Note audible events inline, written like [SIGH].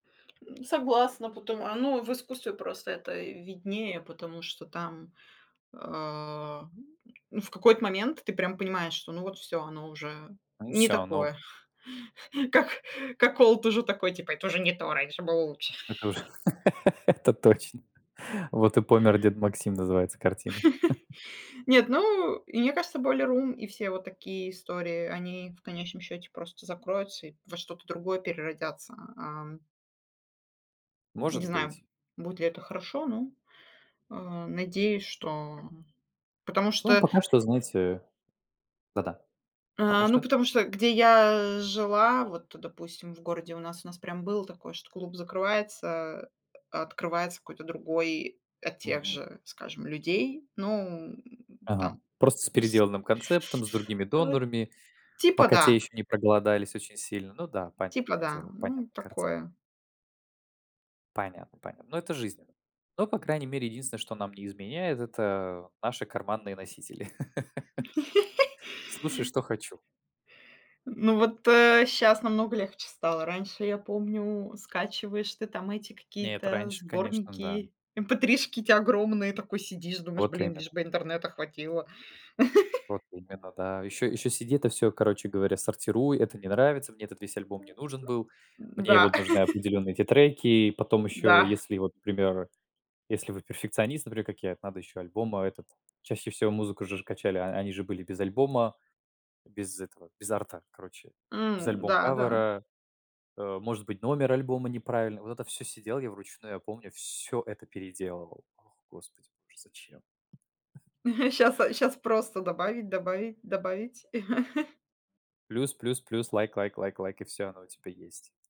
Согласна, потом оно в искусстве просто это виднее, потому что там, а, ну, в какой-то момент ты, прям, понимаешь, что, ну вот всё, оно уже Ну и не всё оно. такое. [CHUCKLES] Как как old уже такой, типа: "Это уже не то, раньше было лучше." Это уже [LAUGHS] это точно. "Вот и помер дед Максим", называется картина. [CHUCKLES] [CHUCKLES] Нет, ну, и мне кажется, Boiler Room и все вот такие истории, они, в конечном счете, просто закроются и во что-то другое переродятся. Ам. Не Может знаю, быть. будет ли это хорошо, ну, а, надеюсь, что, потому Ну, что пока что, знаете да-да, потому А, ну, что. потому что где я жила, вот, допустим, в городе у нас, у нас прям было такое, что клуб закрывается, а открывается какой-то другой от тех Мгм. же, скажем, людей. Ну, Ага. там, Просто с [CHUCKLES] переделанным концептом, с [SUCKS TEETH] другими э, донорами, типа пока те да. еще не проголодались очень сильно. Ну да, Типа понятное да. дело, Ну, понятная картина. такое. Понятно, понятно. Ну, это жизнь. Но, по крайней мере, единственное, что нам не изменяет- это, э, наши карманные носители. [LAUGHS] Слушаю, [LAUGHS] что хочу. Ну, вот, э, щас намного легче стало. Раньше, я помню, скачиваешь ты, там, эти Нет, какие-то раньше, конечно, да. сборники, эмпэтришки эти огромные и такой сидишь думаешь: Вот "Блин, именно. лишь бы интернета хватило". Вот [LAUGHS] именно, да. Еще еще сиди это всё, короче говоря, сортируй. Это не нравится, мне этот весь альбом не нужен был. Мне, э, Да. вот, нужны [CHUCKLES] определенные эти треки, и потом еще, Да. если, вот, к примеру, если вы перфекционист, например, как я, это надо еще альбом, а, этот. Чаще всего музыку же же качали, они же были без альбома. Без этого, без арта, короче, без М. альбом Да, да. кавера. Э, может быть, номер альбома неправильно. Вот это всё сидел я вручную, я помню, всё это переделывал. Ох, господи боже, зачем? [CHUCKLES] [CHUCKLES] Щас а щас просто добавить добавить добавить. [CHUCKLES] Плюс плюс плюс. Лайк лайк лайк лайк и всё, оно у тебя есть.